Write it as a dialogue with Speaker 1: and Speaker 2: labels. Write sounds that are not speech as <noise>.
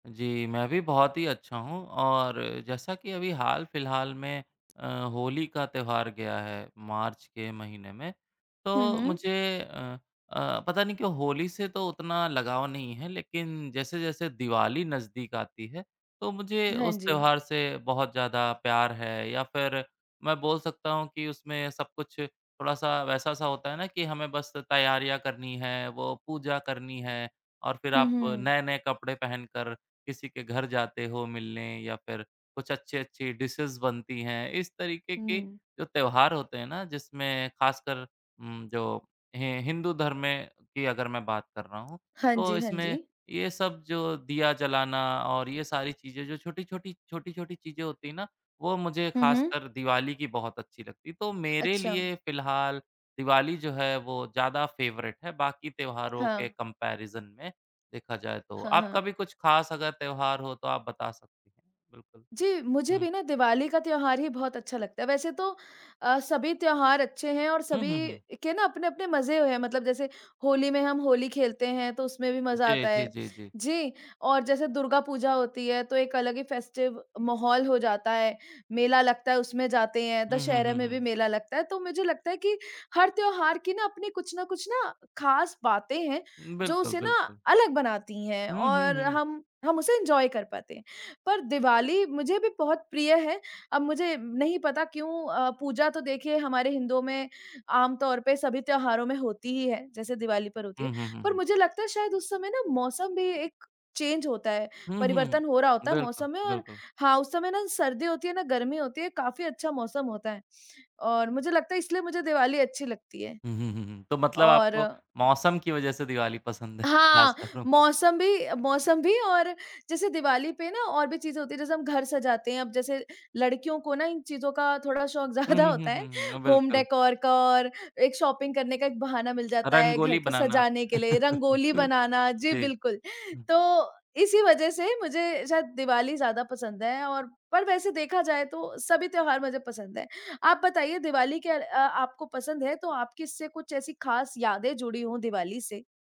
Speaker 1: जी, मैं भी बहुत ही अच्छा हूँ और जैसा कि अभी हाल-फिलहाल में अ, होली का त्यौहार गया है, मार्च के महीने में।
Speaker 2: हुँ,
Speaker 1: तो
Speaker 2: हुँ।
Speaker 1: मुझे अ अ, पता नहीं क्यों होली से तो उतना लगाव नहीं है लेकिन जैसे-जैसे दिवाली नज़दीक आती है तो मुझे
Speaker 2: हाँ
Speaker 1: उस
Speaker 2: जी।
Speaker 1: त्यौहार से बहुत ज़्यादा प्यार है, या फिर मैं बोल सकता हूँ कि उसमें सब कुछ थोड़ा-सा वैसा-सा होता है ना कि हमें बस तैयारियाँ करनी हैं, वो पूजा करनी है, और फिर
Speaker 2: हुँ,
Speaker 1: आप
Speaker 2: हुँ।
Speaker 1: नए-नए कपड़े पहनकर किसी के घर जाते हो मिलने या फिर, कुछ अच्छी-अच्छी डिशेज़ बनती हैं। इस तरीक़े के
Speaker 2: हुँ।
Speaker 1: जो त्यौहार होते हैं ना जिसमें ख़ासकर उम, जो हि हिंदू धर्म में की अगर मैं बात कर रहा हूँ,
Speaker 2: हाँ
Speaker 1: तो
Speaker 2: जी, हाँ
Speaker 1: इसमें
Speaker 2: जी।
Speaker 1: ये सब जो दीया जलाना और ये सारी चीज़ें जो छोटी-छोटी छोटी-छोटी चीज़ें होती है ना, वो मुझे
Speaker 2: हुँ, हुँ।
Speaker 1: ख़ासकर दिवाली की बहुत अच्छी लगती हैं। तो मेरे
Speaker 2: अच्छा।
Speaker 1: लिए फिलहाल दिवाली जो है वो ज़्यादा फेवरेट है, बाकी त्यौहारों के
Speaker 2: हाँ।
Speaker 1: कम्पैरिज़न में देखा जाए तो।
Speaker 2: हाँ,
Speaker 1: आपका
Speaker 2: हाँ।
Speaker 1: भी कुछ ख़ास अगर त्यौहार हो तो आप बता सक बिल्कुल।
Speaker 2: जी, मुझे
Speaker 1: हुँ।
Speaker 2: भी ना दिवाली का त्यौहार ही बहुत अच्छा लगता है। वैसे तो अ, सभी त्यौहार अच्छे हैं और
Speaker 1: हुँ, हुँ,
Speaker 2: सभी
Speaker 1: हुँ।
Speaker 2: के ना अपने-अपने मज़े हैं, मतलब जैसे होली में हम होली खेलते हैं तो उसमें भी मज़ा
Speaker 1: जी,
Speaker 2: आता है।
Speaker 1: जी, जी, जी।
Speaker 2: जी, और जैसे दुर्गा पूजा होती है तो एक अलग ही फेस्टिव माहौल हो जाता है। मेला लगता है उसमें जाते हैं,
Speaker 1: हुँ, हुँ,
Speaker 2: दशहरा
Speaker 1: हुँ,
Speaker 2: में भी
Speaker 1: हुँ।
Speaker 2: मेला लगता है। तो मुझे लगता है कि हर त्यौहार की ना अपनी कुछ ना कुछ ना ख़ास बातें हैं
Speaker 1: हुँ,
Speaker 2: जो
Speaker 1: बिल्कुल,
Speaker 2: उसे ना
Speaker 1: बिल्कुल।
Speaker 2: अलग बनाती हैं
Speaker 1: हुँ, हुँ,
Speaker 2: और
Speaker 1: हुँ।
Speaker 2: हम हम उसे एन्जॉय कर पाते हैं। पर दिवाली मुझे भी बहुत प्रिय है। अब मुझे नहीं पता क्यों अ, पूजा तो देखिए हमारे हिन्दुओं में आमतौर पर सभी त्यौहारों में होती ही है, जैसे दिवाली पर होती
Speaker 1: हुँ,
Speaker 2: है।
Speaker 1: हुँ, हुँ,
Speaker 2: पर
Speaker 1: हुँ।
Speaker 2: मुझे लगता है शायद उस समय ना मौसम भी एक चेंज होता है।
Speaker 1: हुँ,
Speaker 2: परिवर्तन हो रहा
Speaker 1: हुँ।
Speaker 2: होता है
Speaker 1: बिल्कुल,
Speaker 2: मौसम में और
Speaker 1: बिल्कुल।
Speaker 2: हाँ, उस समय ना सर्दी होती है ना गर्मी होती है काफ़ी अच्छा मौसम होता है। और मुझे लगता है इसलिए मुझे दिवाली अच्छी लगती है।
Speaker 1: हुँ, हुँ, हुँ, हुँ। तो मतलब
Speaker 2: और
Speaker 1: आपको मौसम की वजह से दिवाली पसंद है।
Speaker 2: हाँ,
Speaker 1: ख़ास कर। <unintelligible>
Speaker 2: मौसम भी मौसम भी, और जैसे दिवाली पे ना और भी चीज़ें होती हैं जैसे हम घर सजाते हैं। अब जैसे लड़कियों को ना इन चीज़ों का थोड़ा शौक
Speaker 1: हुँ,
Speaker 2: ज़्यादा
Speaker 1: हुँ, हुँ,
Speaker 2: होता है
Speaker 1: हुँ, हुँ। अ,
Speaker 2: होम
Speaker 1: बिल्कुल।
Speaker 2: डेकोर का और, एक शॉपिंग करने का एक बहाना मिल जाता है घर
Speaker 1: रंगोली
Speaker 2: को
Speaker 1: बनाना।
Speaker 2: सजाने के लिए, रंगोली
Speaker 1: <laughs>
Speaker 2: बनाना जी
Speaker 1: जी।
Speaker 2: बिल्कुल।
Speaker 1: हुँ।
Speaker 2: तो इसी वजह से मुझे शायद दिवाली ज़्यादा पसंद है और पर वैसे देखा जाए तो सभी त्यौहार मुझे पसंद है। आप बताइए दिवाली क्या अ, आपको पसंद है तो आपकी इससे कुछ ऐसी ख़ास यादें जुड़ी हो दिवाली से?